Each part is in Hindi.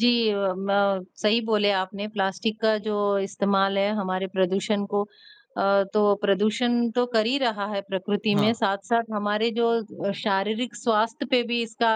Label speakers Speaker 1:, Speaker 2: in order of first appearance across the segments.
Speaker 1: जी अ, म सही बोले आपने, प्लास्टिक का जो इस्तेमाल है हमारे प्रदूषण को अ, तो प्रदूषण तो कर ही रहा है प्रकृति में
Speaker 2: हाँ।
Speaker 1: साथ-साथ हमारे जो अ, शारीरिक स्वास्थ्य पे भी इसका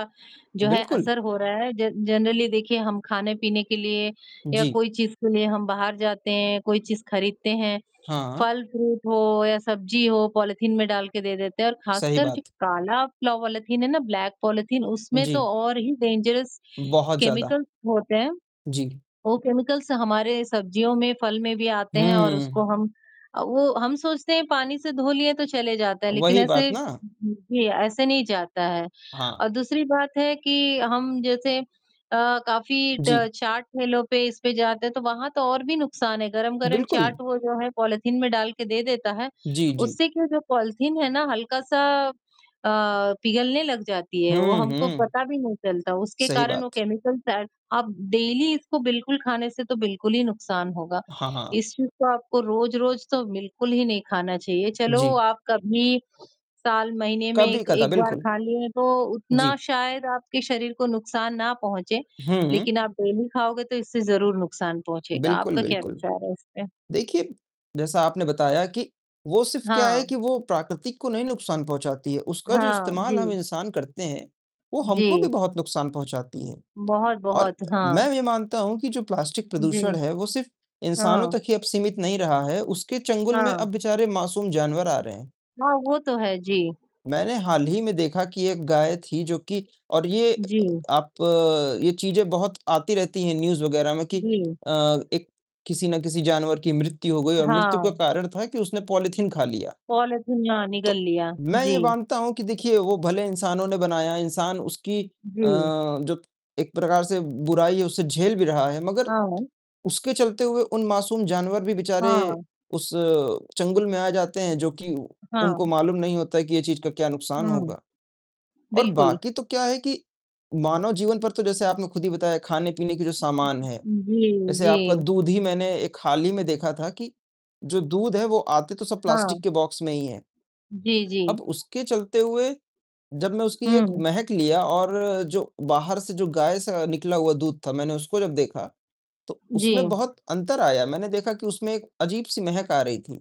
Speaker 1: जो है,
Speaker 2: बिल्कुल।
Speaker 1: असर हो रहा है जन जनरली देखिए हम खाने-पीने के लिए या
Speaker 2: जी।
Speaker 1: कोई चीज के लिए हम बाहर जाते हैं, कोई चीज खरीदते हैं,
Speaker 2: हाँ।
Speaker 1: फल फ्रूट हो या सब्जी हो पॉलीथीन में डाल के दे देते हैं और
Speaker 2: सही
Speaker 1: खासकर जो
Speaker 2: बात।
Speaker 1: काला पॉलीथीन है ना ब्लैक पॉलीथीन उसमें तो
Speaker 2: जी।
Speaker 1: और ही डेंजरस
Speaker 2: बहुत ज़्यादा।
Speaker 1: केमिकल्स होते हैं।
Speaker 2: जी।
Speaker 1: वो केमिकल्स हमारे सब्जियों में, फल में भी आते हैं और उसको
Speaker 2: हुँ।
Speaker 1: हम अ, वो हम सोचते हैं पानी से धो लिए तो चले जाता है लेकिन
Speaker 2: वही
Speaker 1: ऐसे,
Speaker 2: बात ना।
Speaker 1: ऐसे नहीं जाता है।
Speaker 2: हाँ।
Speaker 1: और दूसरी बात है कि हम जैसे अ, काफ़ी ट
Speaker 2: जी।
Speaker 1: चाट ठेलों पे इस पे जाते हैं तो वहाँ तो और भी नुकसान है, गरम-गरम चाट
Speaker 2: बिल्कुल।
Speaker 1: वो जो है, पॉलीथीन में डाल के दे देता है,
Speaker 2: जी, जी।
Speaker 1: उससे क्या जो पॉलीथीन है ना हल्का सा अ, पिघलने लग जाती है, वो
Speaker 2: हुँ,
Speaker 1: हमको
Speaker 2: हुँ।
Speaker 1: पता भी नहीं चलता। उसके
Speaker 2: सही
Speaker 1: कारण वो
Speaker 2: बात।
Speaker 1: केमिकल शायद अब डेली इसको बिल्कुल खाने से तो बिल्कुल ही नुकसान होगा।
Speaker 2: हाँ, हाँ।
Speaker 1: इस चीज को आपको रोज-रोज़ तो बिल्कुल ही नहीं खाना चाहिए, चलो
Speaker 2: जी।
Speaker 1: आप कभी साल, महीने में 1,
Speaker 2: कभी-कदा,
Speaker 1: 1 बार
Speaker 2: बिल्कुल।
Speaker 1: खा लिए तो उतना
Speaker 2: जी।
Speaker 1: शायद आपके शरीर को नुकसान ना पहुँचे,
Speaker 2: हुँ।
Speaker 1: लेकिन आप डेली खाओगे तो इससे ज़रूर नुकसान पहुँचेगा।
Speaker 2: बिल्कुल,
Speaker 1: आपका क्या
Speaker 2: बिल्कुल,
Speaker 1: विचार है इस पे?
Speaker 2: देखिए, जैसा आपने बताया कि वो सिर्फ क्या है
Speaker 1: हाँ।
Speaker 2: कि वो प्रकृति को नहीं नुकसान पहुँचाती है, उसका जो
Speaker 1: हाँ,
Speaker 2: इस्तेमाल हम
Speaker 1: जी।
Speaker 2: इंसान करते हैं, वो हमको
Speaker 1: जी।
Speaker 2: भी बहुत नुकसान पहुँचाती है। और
Speaker 1: बहुत-बहुत, हाँ।
Speaker 2: मैं ये मानता हूँ कि जो प्लास्टिक
Speaker 1: जी,
Speaker 2: प्रदूषण है, वो सिर्फ इंसानों
Speaker 1: हाँ।
Speaker 2: तक ही अब सीमित नहीं रहा है, उसके चंगुल में
Speaker 1: हाँ।
Speaker 2: अब बेचारे मासूम जानवर आ रहे हैं।
Speaker 1: हाँ, वो तो है, जी।
Speaker 2: मैंने हाल ही में देखा कि एक गाय थी जो कि और ये
Speaker 1: जी।
Speaker 2: आप ये चीजें बहुत आती रहती हैं न्यूज वगैरह में कि
Speaker 1: जी।
Speaker 2: अ, एक किसी न किसी जानवर की मृत्यु हो गई और मृत्यु का
Speaker 1: हाँ।
Speaker 2: कारण था कि उसने पॉलीथीन खा लिया।
Speaker 1: पॉलीथीन, हाँ, निगल
Speaker 2: तो,
Speaker 1: लिया,
Speaker 2: मैं
Speaker 1: जी।
Speaker 2: ये मानता हूँ कि देखिए वो भले इंसानों ने बनाया, इंसान उसकी अ,
Speaker 1: जी।
Speaker 2: जो एक प्रकार से बुराई है, उसे झेल भी रहा है, मगर
Speaker 1: हाँ।
Speaker 2: उसके चलते हुए उन मासूम जानवर भी बेचारे
Speaker 1: हाँ।
Speaker 2: उस चंगुल में आ जाते हैं, जो कि उनको
Speaker 1: हाँ।
Speaker 2: मालूम नहीं होता है कि ये चीज का क्या नुकसान
Speaker 1: हाँ,
Speaker 2: होगा। और
Speaker 1: बिल्कुल।
Speaker 2: बाकी तो क्या है कि, मानव जीवन पर तो जैसे आपने खुद ही बताया खाने-पीने की जो सामान है,
Speaker 1: जी,
Speaker 2: जैसे
Speaker 1: जी।
Speaker 2: आपका दूध ही मैंने एक हाल ही में देखा था कि जो दूध है वो आते तो सब प्लास्टिक
Speaker 1: हाँ।
Speaker 2: के बॉक्स में ही है।
Speaker 1: जी, जी।
Speaker 2: अब उसके चलते हुए, जब मैं उसकी एक
Speaker 1: हुँ।
Speaker 2: महक लिया और जो बाहर से जो गाय से निकला हुआ दूध था मैंने उसको जब देखा, तो
Speaker 1: जी।
Speaker 2: उसमें बहुत अंतर आया, मैंने देखा कि उसमें एक अजीब-सी महक आ रही थी।